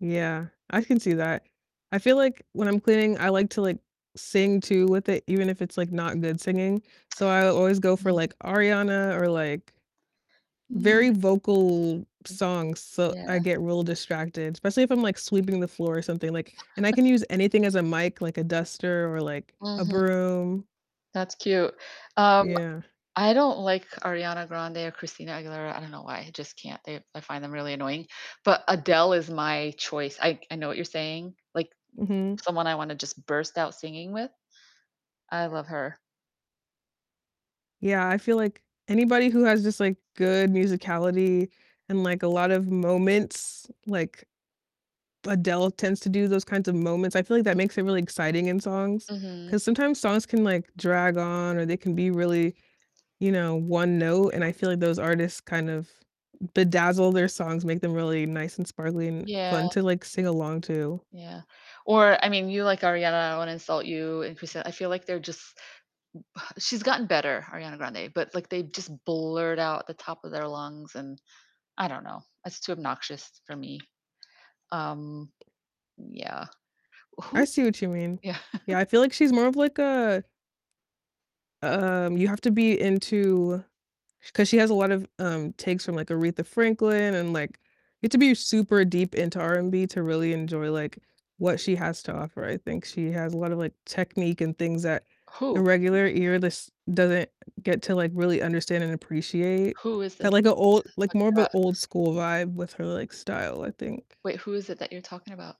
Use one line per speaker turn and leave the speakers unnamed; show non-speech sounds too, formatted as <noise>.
Yeah, I can see that. I feel, like, when I'm cleaning, I like to, like, sing too with it, even if it's, like, not good singing. So, I always go for,
Mhm.
like, Ariana or, like
Mm.
very vocal songs, so I
Yeah.
get real distracted, especially if I'm, like, sweeping the floor or something, like and I
<chuckles>
can use anything as a mic, like, a duster or, like, a
Mhm.
broom.
That's cute. Um,
Yeah.
I don't like Ariana Grande or Christina Aguilera, I don't know why, I just can't, they I find them really annoying, but Adele is my choice, I c I know what you're saying, like,
Mhm.
someone I wanna just burst out singing with. I love her.
Yeah, I feel like anybody who has just, like, good musicality and, like, a lot of moments, like Adele tends to do those kinds of moments. I feel, like, that makes it really exciting in songs,
Mhm.
'cause sometimes songs can, like, drag on or they can be really, you know, 1 note, and I feel, like, those artists kind of bedazzle their songs, make them really nice, and sparkly, and
Yeah.
fun to, like, sing along to.
Yeah, or, I mean, you like Ariana, I don't wanna insult you and Christina, I feel, like, they're just she's gotten better, Ariana Grande, but, like, they just blurt out the top of their lungs and I don't know, it's too obnoxious for me. Um, yeah.
I
Who
see what you mean.
Yeah. <chuckles>
Yeah, I feel, like, she's more of, like, a um, you have to be into 'cause she has a lot of, um, takes from, like, Aretha Franklin, and, like, you have to be super deep into R&B to really enjoy, like, what she has to offer. I think she has a lot of, like, technique and things that the
Who?
regular ear lis doesn't get to, like, really understand and appreciate.
Who is this
Got, like,
that
a
you're
old
just
like,
talking
more of a
about?
old school vibe with her, like, style, I think.
Wait, who is it that you're talking about?